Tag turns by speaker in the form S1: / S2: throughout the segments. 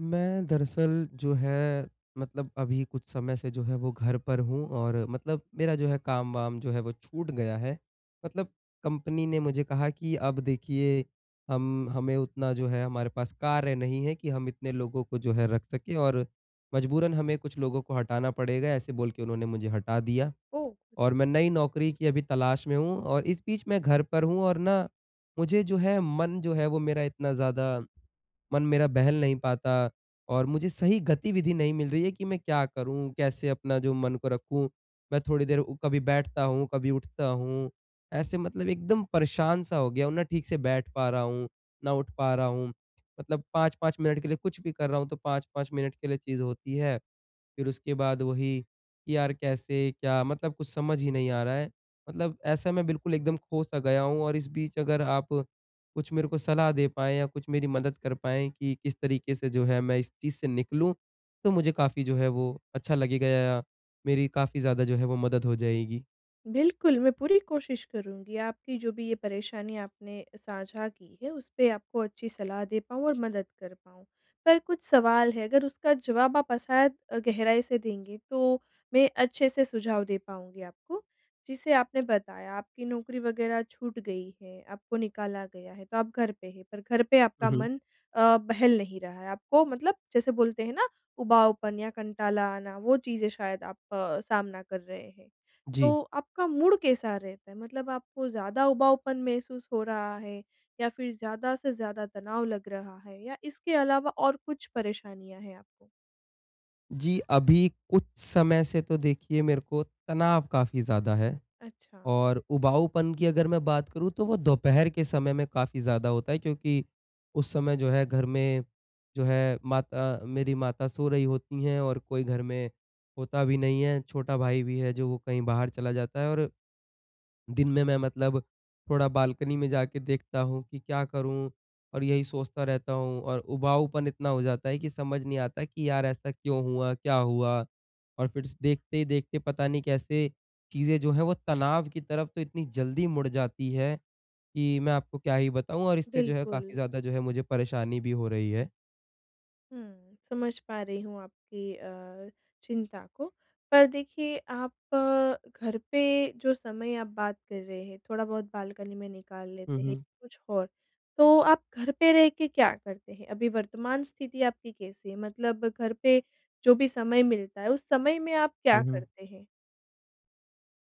S1: मैं दरअसल जो है, मतलब अभी कुछ समय से जो है वो घर पर हूँ और मतलब मेरा जो है काम-वाम जो है वो छूट गया है, मतलब कंपनी ने मुझे कहा कि अब देखिए, हम हमें उतना जो है हमारे पास कार्य नहीं है, कि हम इतने लोगों को जो है रख सकें और मजबूरन हमें कुछ लोगों को हटाना पड़ेगा ऐसे बोल के उन्होंने मुझे हटा दिया।
S2: ओह!
S1: और मैं नई नौकरी की अभी तलाश में हूँ और इस बीच मैं घर पर हूँ और ना मुझे जो है, मन जो है, वो मेरा इतना ज़्यादा मन मेरा बहल नहीं पाता और मुझे सही गतिविधि नहीं मिल रही है कि मैं क्या करूँ? कैसे अपना जो मन को रखूँ? मैं थोड़ी देर उ कभी बैठता हूँ, कभी उठता हूँ, ऐसे मतलब एकदम परेशान सा हो गया हूँ, ना ठीक से बैठ पा रहा हूँ, ना उठ पा रहा हूँ। मतलब 5-5 मिनट के लिए कुछ भी कर रहा हूँ, तो 5-5 मिनट के लिए चीज़ होती हैं, फिर उसके बाद वही, कि यार कैसे, क्या? मतलब कुछ समझ ही नहीं आ रहा है। मतलब ऐसा मैं बिल्कुल एकदम खो सा गया हूँ और इस बीच अगर आप कुछ मेरे को सलाह दे पाएँ या कुछ मेरी मदद कर पाएँ, कि किस तरीके से जो है मैं इस चीज़ से निकलूँ, तो मुझे काफ़ी जो है, वो अच्छा लगेगा या मेरी काफ़ी ज़्यादा जो है वो मदद हो जाएगी।
S2: बिल्कुल, मैं पूरी कोशिश करूँगी आपकी जो भी ये परेशानी आपने साझा की है, उस पे आपको अच्छी सलाह दे पाऊँ और मदद कर पाऊँ, पर कुछ सवाल है अगर उसका जवाब आप अ, शायद गहराई से देंगे, तो मैं अच्छे से सुझाव दे पाऊँगी आपको। जैसे आपने बताया आपकी नौकरी वग़ैरह छूट गई है, आपको निकाला गया है, तो आप घर पे हैं पर घर पे
S1: हुँ,
S2: आपका
S1: हुँ।
S2: मन अ, बहल नहीं रहा है, आपको मतलब जैसे बोलते हैं ना उबाऊपन या कंटाला आना, वो चीज़ें शायद आप सामना कर रहे हैं,
S1: जी।
S2: तो आपका मूड कैसा रहता है, मतलब आपको ज़्यादा उबाऊपन महसूस हो रहा है या फिर ज़्यादा से ज़्यादा तनाव लग रहा है या इसके अलावा और कुछ परेशानियाँ हैं आपको?
S1: जी, अभी कुछ समय से तो देखिए मेरे को तनाव काफ़ी ज़्यादा है
S2: अच्छा।
S1: और उबाऊपन की अगर मैं बात करूँ तो वो दोपहर के समय में काफ़ी ज़्यादा होता क्योंकि उस समय जो है, घर में जो है माता मेरी माता सो रही होती हैं और कोई घर में होता भी नहीं है, छोटा भाई भी है जो वो कहीं बाहर चला जाता है और दिन में मैं मतलब थोड़ा बालकनी में जाके देखता हूँ कि क्या करूँ और यही सोचता रहता हूँ और उबाऊपन इतना हो जाता है कि समझ नहीं आता कि यार ऐसा क्यों हुआ? क्या हुआ? और फिर स देखते ही देखते पता नहीं कैसे चीज़ें जो हैं, वो तनाव की तरफ़ तो इतनी जल्दी मुड़ जाती हैं कि मैं आपको क्या ही बताऊँ और इससे जो है काफ़ी
S2: बिल्कुल।
S1: ज़्यादा जो है मुझे परेशानी भी हो रही है।
S2: हुँ, समझ पा रही हूँ आपकी अ, चिंता को। पर देखिए आप अ, घर पे जो समय आप बात कर रहे हैं थोड़ा बहुत बालकनी में निकाल
S1: हुँ,
S2: लेते हैं
S1: हुँ।
S2: कुछ और तो आप घर पे रह के क्या करते हैं? अभी वर्तमान स्थिति आपकी कैसी है, मतलब घर पे जो भी समय मिलता है, उस समय में आप क्या
S1: हुँ, हुँ।
S2: करते हैं?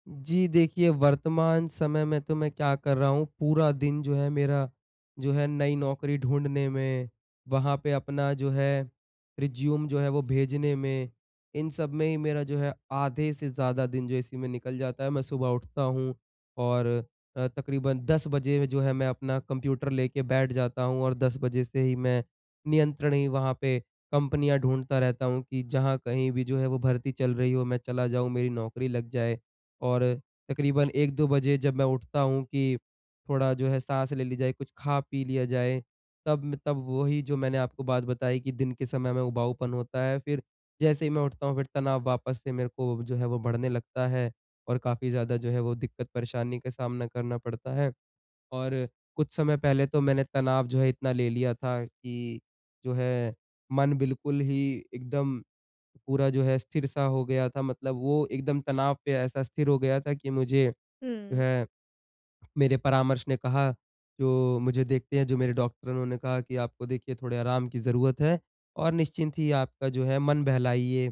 S1: जी, देखिए वर्तमान समय में तो मैं क्या कर रहा हूँ पूरा दिन जो है मेरा, जो है नई नौकरी ढूँढने में, वहाँ पे अपना जो है रिज़्युम जो है वो भेजने में, इन सब में ही मेरा जो है आधे से ज़्यादा दिन जो इसी में निकल जाता है। मैं सुबह उठता हूँ और अ, तकरीबन 10 बजे जो है मैं अपना कंप्यूटर लेके बैठ जाता हूँ। और 10 से ही मैं नियंत्रण ही वहाँ पे कंपनियाँ ढूँढता रहता हूँ कि जहाँ कहीं भी जो है वो भर्ती चल रही हो मैं चला जाऊँ, मेरी नौकरी लग जाए। और तकरीबन 1-2 बजे जब मैं उठता हूँ कि थोड़ा जो है, साँस ले ली जाए, कुछ खा, पी लिया जाए, तब तब वही जो मैंने आपको बात बताई कि दिन के समय में उबाऊपन होता है, फिर जैसे ही मैं उठता हूँ फिर तनाव वापस से मेरे को जो है वो बढ़ने लगता है और काफ़ी ज़्यादा जो है वो दिक्कत परेशानी का सामना करना पड़ता है। और कुछ समय पहले तो मैंने तनाव जो है इतना ले लिया था कि जो है मन बिल्कुल ही एकदम पूरा जो है, स्थिर-सा हो गया था। मतलब वो एकदम तनाव पे ऐसा स्थिर हो गया था कि मुझे
S2: हुँ।
S1: है मेरे परामर्श ने कहा जो मुझे देखते हैं जो मेरे डॉक्टर उन्होंने कहा कि, "आपको देखिए थोड़ा आराम की ज़रूरत है और निश्चिंत ही आपका जो है मन बहलाइए,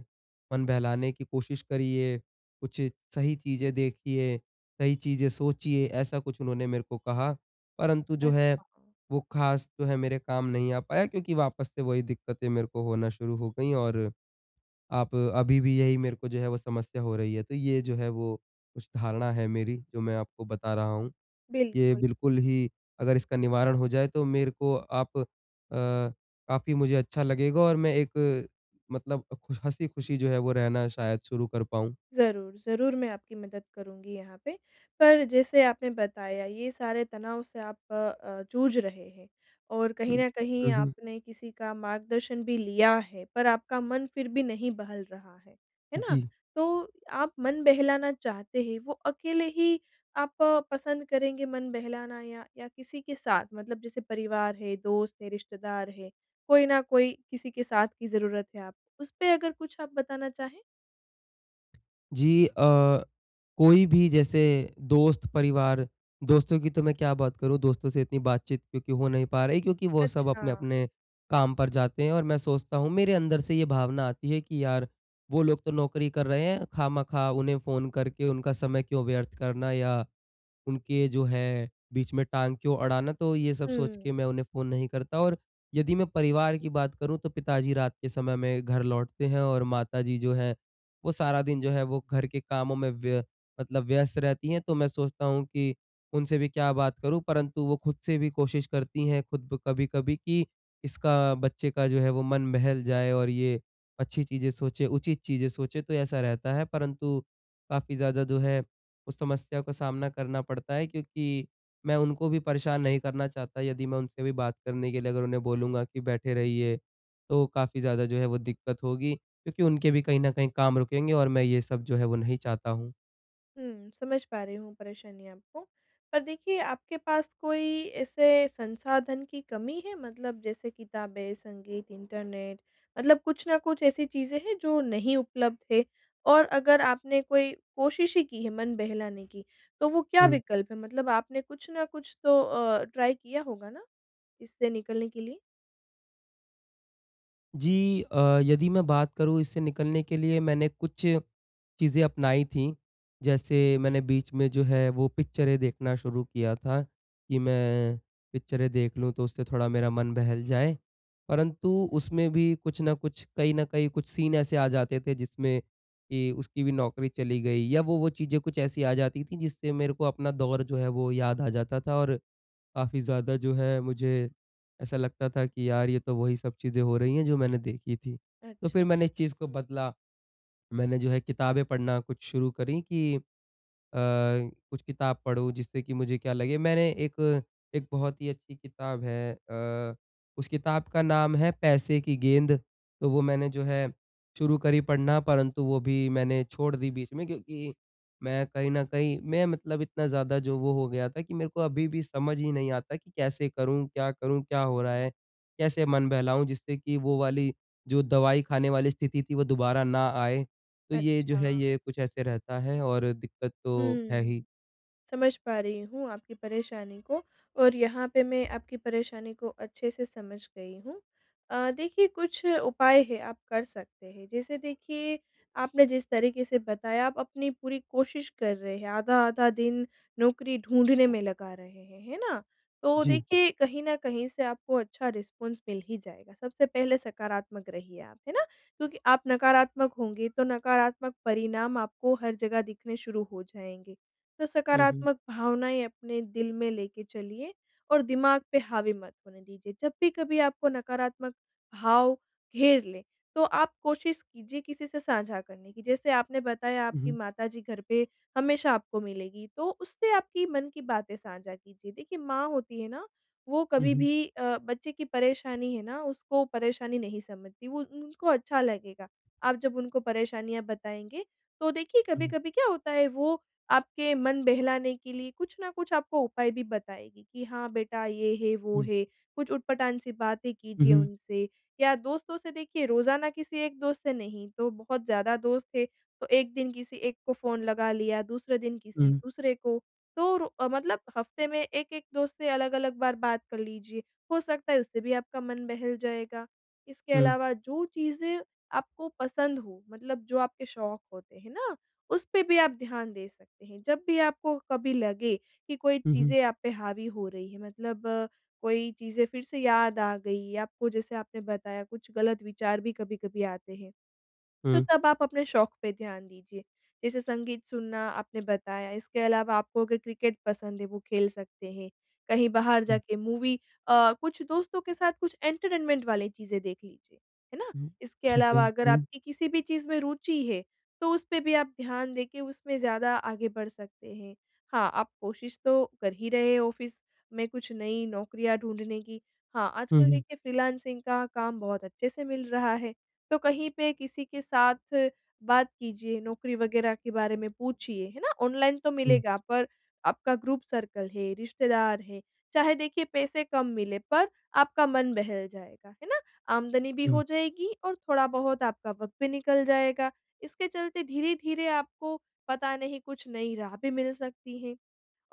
S1: मन बहलाने की कोशिश करिए, कुछ सही चीज़ें देखिए, सही चीज़ें सोचिए" ऐसा कुछ उन्होंने मेरे को कहा। परंतु जो है
S2: अच्छा।
S1: वो खास जो है मेरे काम नहीं आ पाया क्योंकि वापस से वही दिक्कतें मेरे को होना शुरू हो गई और, आप अभी भी यही मेरे को जो है वो समस्या हो रही है। तो ये जो है वो उस धारणा है मेरी जो मैं आपको बता रहा हूँ। ये
S2: बिल्कुल।
S1: बिल्कुल ही अगर इसका निवारण हो जाए तो मेरे को आप अ, काफ़ी मुझे अच्छा लगेगा और मैं एक मतलब अ, खु हँसी-खुशी जो है वो रहना शायद शुरू कर पाऊँ।
S2: ज़रूर, ज़रूर मैं आपकी मदद करूँगी यहाँ पे। पर जैसे आपने बताया ये सारे तनाव से आप अ अ, जूझ रहे हैं और कहीं
S1: हुँ,
S2: न कहीं
S1: हुँ, हुँ।
S2: आपने किसी का मार्गदर्शन भी लिया है। पर आपका मन फिर भी नहीं बहल रहा है, है ना?
S1: जी।
S2: तो आप मन बहलाना चाहते हैं वो अकेले ही आप पसंद करेंगे मन बहलाना या या किसी के साथ मतलब जैसे परिवार है, दोस्त है, रिश्तेदार है, कोई न कोई किसी के साथ की ज़रूरत है आप उस पे अगर कुछ आप बताना चाहें?
S1: जी अ, कोई भी जैसे दोस्त, परिवार दोस्तों की तो मैं क्या बात करूँ दोस्तों से इतनी बातचीत क्योंकि हो नहीं पा रही, क्योंकि वो सब अपने
S2: अच्छा।
S1: अपने काम पर जाते हैं और मैं सोचता हूँ, मेरे अंदर से ये भावना आती है कि, यार वो लोग तो नौकरी कर रहे है खामखा उन्हें फ़ोन करके उनका समय क्यों व्यर्थ करना या उनके जो है, बीच में टाँग क्यों अड़ाना तो ये सब सोच के
S2: हुँ।
S1: मैं उन्हें फ़ोन नहीं करता। और यदि मैं परिवार की बात करूँ तो पिताजी रात के समय में घर लौटते हैं और माताजी जो है, वो सारा दिन जो है वो घर के कामों में व्य मतलब व्यस्त रहती है तो मैं सोचता हूँ कि उनसे भी क्या बात करूँ। परंतु वो खुद से भी कोशिश करती हैं, खुद ब कभी-कभी कि इसका बच्चे का जो है वो मन बहल जाए और ये अच्छी चीज़ें सोचे, उचित चीज़ें सोचे, तो ऐसा रहता है। परंतु काफ़ी ज़्यादा जो है, उस समस्या का सामना करना पड़ता है क्योंकि मैं उनको भी परेशान नहीं करना चाहता। यदि मैं उनसे भी बात करने के लिए अगर उन्हें बोलूँगा कि बैठे रहिए, तो काफ़ी ज़्यादा जो है वो दिक्कत होगी क्योंकि उनके भी कहीं न कहीं काम रुकेंगे और मैं ये सब जो है वो नहीं चाहता हूँ।
S2: हुँ, समझ पा रही हूँ परेशानी आपको। पर देखिए, आपके पास कोई ऐसे संसाधन की कमी है, मतलब जैसे किताबें, संगीत, इंटरनेट, मतलब कुछ ना कुछ ऐसी चीज़ें हैं जो नहीं उपलब्ध है और अगर आपने कोई कोशिश ही की है मन बहलाने की, तो वो क्या
S1: हुँ।
S2: विकल्प हैं? मतलब आपने कुछ न कुछ तो अ, ट्राई किया होगा ना इससे निकलने के लिए।
S1: जी अ, यदि मैं बात करूँ, इससे निकलने के लिए मैंने कुछ चीज़ें अपनाई थी। जैसे मैंने बीच में जो है वो पिक्चरें देखना शुरू किया था कि मैं पिक्चरें देख लूँ, तो उससे थोड़ा मेरा मन बहल जाए। परंतु उसमें भी कुछ ना कुछ कहीं न कहीं कुछ सीन ऐसे आ जाते थे जिसमें कि उसकी भी नौकरी चली गई, या वो-वो चीज़ें कुछ ऐसी आ जाती थीं जिससे मेरे को अपना दौर जो है वो याद आ जाता था, और काफ़ी ज़्यादा जो है मुझे ऐसा लगता था कि यार, ये तो वही सब चीज़ें हो रही हैं जो मैंने देखी थी। तो फिर
S2: अच्छा।
S1: मैंने इस चीज़ को बदला। मैंने जो है किताबें पढ़ना कुछ शुरू करी कि अ, कुछ किताब पढ़ूँ जिससे कि मुझे क्या लगे मैंने एक, एक बहुत ही अच्छी किताब है अ, उस किताब का नाम है पैसे की गेंद। तो वो मैंने जो है शुरू करी पढ़ना, परंतु वो भी मैंने छोड़ दी बीच में क्योंकि मैं कहीं न कहीं मैं मतलब इतना ज़्यादा जो वो हो गया था कि मेरे को अभी भी समझ ही नहीं आता कि कैसे करूँ, क्या करूँ, क्या हो रहा है, कैसे मन बहलाऊँ, जिससे कि वो वाली जो दवाई खाने वाली स्थिति थी, वो दोबारा ना आए। तो ये जो
S2: अच्छा।
S1: है, ये कुछ ऐसे रहता है और दिक्कत तो है ही।
S2: हुँ। समझ पा रही हूँ आपकी परेशानी को, और यहाँ पे मैं आपकी परेशानी को अच्छे से समझ गई हूँ। अ, देखिए, कुछ उपाय है, आप कर सकते हैं। जैसे देखिए आपने जिस तरीक़े से बताया, आप अपनी पूरी कोशिश कर रहे हैं, आधा-आधा दिन नौकरी ढूँढने में लगा रहे हैं, है ना। तो
S1: जी।
S2: देखिए, कहीं न कहीं से आपको अच्छा रिस्पॉन्स मिल ही जाएगा। सबसे पहले सकारात्मक रहिए आप, है ना, क्योंकि आप नकारात्मक होंगे तो नकारात्मक परिणाम आपको हर जगह दिखने शुरू हो जाएँगे। तो
S1: हुँ, हुँ।
S2: सकारात्मक भावनाएँ अपने दिल में लेके चलिए और दिमाग पे हावी मत होने दीजिए। जब भी कभी आपको नकारात्मक भाव घेर लें, तो आप कोशिश कीजिए किसी से साझा करने की। जैसे आपने बताया
S1: हुँ,
S2: आपकी
S1: हुँ।
S2: माताजी घर पे हमेशा आपको मिलेंगी, तो उससे आपकी मन की बातें साझा कीजिए। देखिए माँ होती है ना, वो
S1: हुँ,
S2: कभी
S1: हुँ।
S2: भी अ, बच्चे की परेशानी है ना, उसको परेशानी नहीं समझती, वो उनको अच्छा लगेगा आप जब उनको परेशानियाँ बताएँगे। तो देखिए,
S1: हुँ।
S2: कभी-कभी क्या होता है, वो आपके मन बहलाने के लिए कुछ ना कुछ आपको उपाय भी बताएँगी कि, "हाँ बेटा, ये है, वो
S1: हुँ।
S2: है।" कुछ ऊट पटांग सी बातें
S1: हुँ,
S2: कीजिए
S1: हुँ।
S2: उनसे, या दोस्तों से देखिए, रोज़ाना किसी एक दोस्त से नहीं तो बहुत ज़्यादा दोस्त थे, तो एक दिन किसी एक को फ़ोन लगा लिया, दूसरे दिन किसी
S1: हुँ।
S2: दूसरे को। तो रू अ, मतलब हफ़्ते में एक-एक दोस्त से अलग-अलग बार बात कर लीजिए, हो सकता है उससे भी आपका मन बहल जाएगा। इसके
S1: हुँ।
S2: अलावा जो चीज़ें आपको पसंद हों, मतलब जो आपके शौक होते हैं ना, उसपे भी आप ध्यान दे सकते हैं। जब भी आपको कभी लगे कि कोई
S1: हुँ, हुँ।
S2: चीज़ें आप पे हावी हो रही हैं, मतलब कोई चीज़ें फिर से याद आ गईं आपको, जैसे आपने बताया कुछ ग़लत विचार भी कभी-कभी आते हैं। तो
S1: हुँ।
S2: तब आप अपने शौक पे ध्यान दीजिए, जैसे संगीत सुनना आपने बताया, इसके अलावा आपको अगर क्रिकेट पसंद है, वो खेल सकते हैं, कहीं बाहर
S1: हुँ।
S2: जाके मूवी अ, कुछ दोस्तों के साथ कुछ एंटरटेनमेंट वाली चीज़ें देख लीजिए, है ना।
S1: हुँ।
S2: इसके
S1: ठीक है,
S2: अलावा अगर
S1: हुँ।
S2: आपकी किसी भी चीज़ में रुचि है, तो उसपे भी आप ध्यान दे के उसमें ज़्यादा आगे बढ़ सकते हैं। हाँ, आप कोशिश तो कर ही रहे ऑफ़िस में कुछ नई नौकरियाँ ढूँढने की। हाँ,
S1: हुँ,
S2: आजकल
S1: हुँ।
S2: देखिए फ्रीलांसिंग का काम बहुत अच्छे से मिल रहा है। तो कहीं पे किसी के साथ बात कीजिए, नौकरी वग़ैरह के बारे में पूछिए, है ना। ऑनलाइन तो
S1: हुँ।
S2: मिलेगा, पर आपका ग्रुप सर्कल है, रिश्तेदार है, चाहे देखिए पैसे कम मिले पर आपका मन बहल जाएगा, है ना। आमदनी भी
S1: हुँ।
S2: हो जाएगी और थोड़ा बहुत आपका वक़्त भी निकल जाएगा। इसके चलते धीरे-धीरे आपको पता नहीं कुछ नई राह भी मिल सकती है।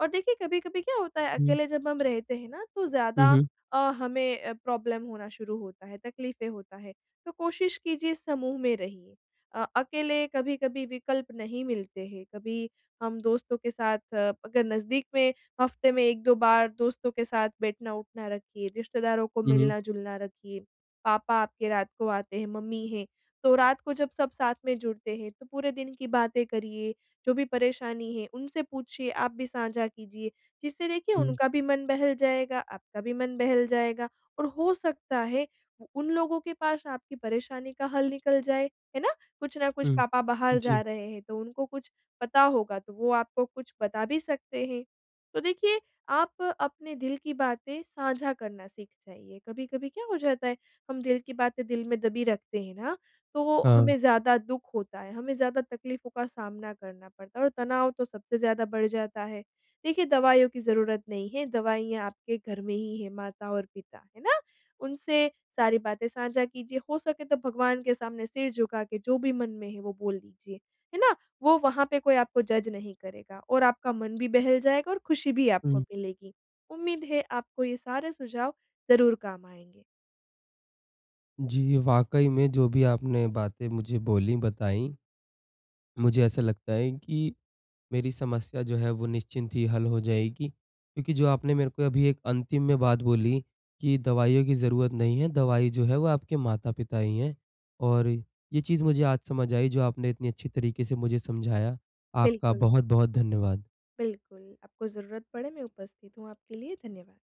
S2: और देखिए कभी-कभी क्या होता है,
S1: हुँ।
S2: अकेले जब हम रहते हैं ना, तो
S1: हुँ,
S2: ज़्यादा
S1: हुँ।
S2: अ, हमें अ, प्रॉब्लम होना शुरू होता है, तकलीफ़ें होता है, तो कोशिश कीजिए समूह में रहिए। अ अकेले कभी-कभी विकल्प नहीं मिलते हैं, कभी हम दोस्तों के साथ अगर नज़दीक में हफ़्ते में 1-2 बार दोस्तों के साथ बैठना-उठना रखिए, रिश्तेदारों को
S1: हुँ, हुँ।
S2: मिलना-जुलना रखिए। पापा आपके रात को आते हैं, मम्मी हैं, तो रात को जब सब साथ में जुड़ते हैं तो पूरे दिन की बातें करिए, जो भी परेशानी है, उनसे पूछिए, आप भी साझा कीजिए, जिससे देखिए
S1: हुँ।
S2: उनका भी मन बहल जाएगा, आपका भी मन बहल जाएगा और हो सकता है उन लोगों के पास आपकी परेशानी का हल निकल जाए, है ना। कुछ ना कुछ
S1: हुँ।
S2: पापा बाहर
S1: जी।
S2: जा रहे हैं तो उनको कुछ पता होगा, तो वो आपको कुछ बता भी सकते हैं। तो देखिए, आप अपने दिल की बातें साझा करना सीख जाइए। कभी-कभी क्या हो जाता है, हम दिल की बातें दिल में दबी रखते हैं ना, तो
S1: हाँ।
S2: हमें ज़्यादा दुःख होता है, हमें ज़्यादा तकलीफ़ों का सामना करना पड़ता है और तनाव तो सबसे ज़्यादा बढ़ जाता है। देखिए, दवाइयों की ज़रूरत नहीं है, दवाइयाँ आपके घर में ही है, माता और पिता, है ना। उनसे सारी बातें साझा कीजिए, हो सके तो भगवान के सामने सिर झुका के जो भी मन में है, वो बोल दीजिए, है ना। वो वहाँ पे कोई आपको जज नहीं करेगा और आपका मन भी बहल जाएगा और खुशी भी आपको
S1: हुँ।
S2: मिलेगी। उम्मीद है, आपको ये सारे सुझाव ज़रूर काम आएँगे।
S1: जी, वाक़ई में जो भी आपने बातें मुझे बोलीं बताईं, मुझे ऐसा लगता है कि मेरी समस्या जो है वो निश्चिंत ही हल हो जाएगी। क्योंकि जो आपने मेरे को अभी एक अंतिम में बात बोली कि दवाइयों की ज़रूरत नहीं है, दवाई जो है वो आपके माता-पिता ही हैं, और ये चीज़ मुझे आज समझ आई जो आपने इतनी अच्छी तरीक़े से मुझे समझाया। आपका
S2: बिल्कुल।
S1: बहुत-बहुत धन्यवाद।
S2: बिल्कुल, आपको ज़रूरत पड़े, मैं उपस्थित हूँ आपके लिए। धन्यवाद।